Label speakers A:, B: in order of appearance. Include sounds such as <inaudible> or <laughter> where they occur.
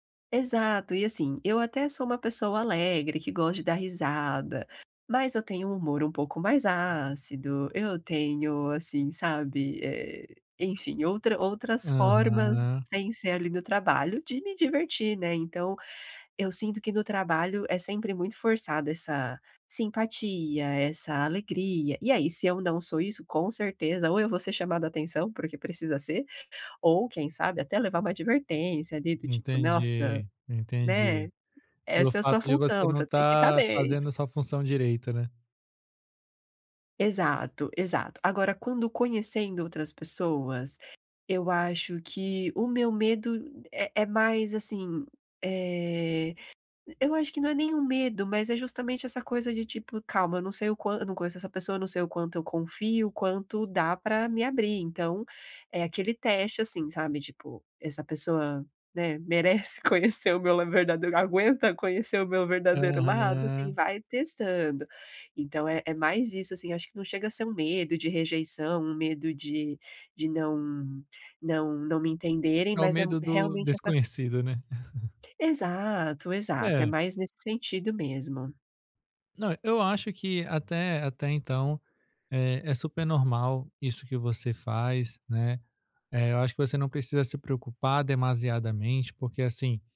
A: Exato, e, assim, eu até sou uma pessoa alegre, que gosta de dar risada, mas eu tenho um humor um pouco mais ácido. Eu tenho, assim, sabe, eh, enfim outra outras formas
B: Aham.
A: sem ser ali no trabalho, de me divertir, né. Então, eu sinto que, no trabalho, é sempre muito forçada essa simpatia, essa alegria. E aí, se eu não sou isso, com certeza, ou eu vou ser chamado atenção, porque precisa ser, ou quem sabe até, levar uma advertência ali, do tipo, nossa,
B: Entendi,
A: né.
B: entendi. Pelo
A: Essa é a sua
B: fato de você
A: função,
B: não
A: você tem que estar
B: estar
A: bem.
B: fazendo a sua função direito, né?
A: Exato, exato, agora quando conhecendo outras pessoas, eu acho que o meu medo é é mais, assim, eh, eu acho que não é nem um medo, mas é justamente, essa coisa de tipo calma, eu não sei o quan não conheço essa pessoa, não sei o quanto eu confio, quanto dá pra me abrir, então, é aquele teste, assim, sabe, tipo, essa pessoa, eh, né, merece conhecer o meu verdadeiro aguenta conhecer o meu verdadeiro lado, assim,
B: Aham.
A: vai testando. Então é é mais isso, assim, acho que não chega a ser um medo de rejeição, um medo de de não não não me entenderem,
B: É o
A: mas é
B: medo do
A: realmente essa
B: desconhecido, né? <chuckles>
A: Exato, exato, é
B: É.
A: mais nesse sentido mesmo.
B: Não. Eu acho que até até então é é super normal isso que você faz, né, eh, eu acho que você não precisa se preocupar demasiadamente, porque assim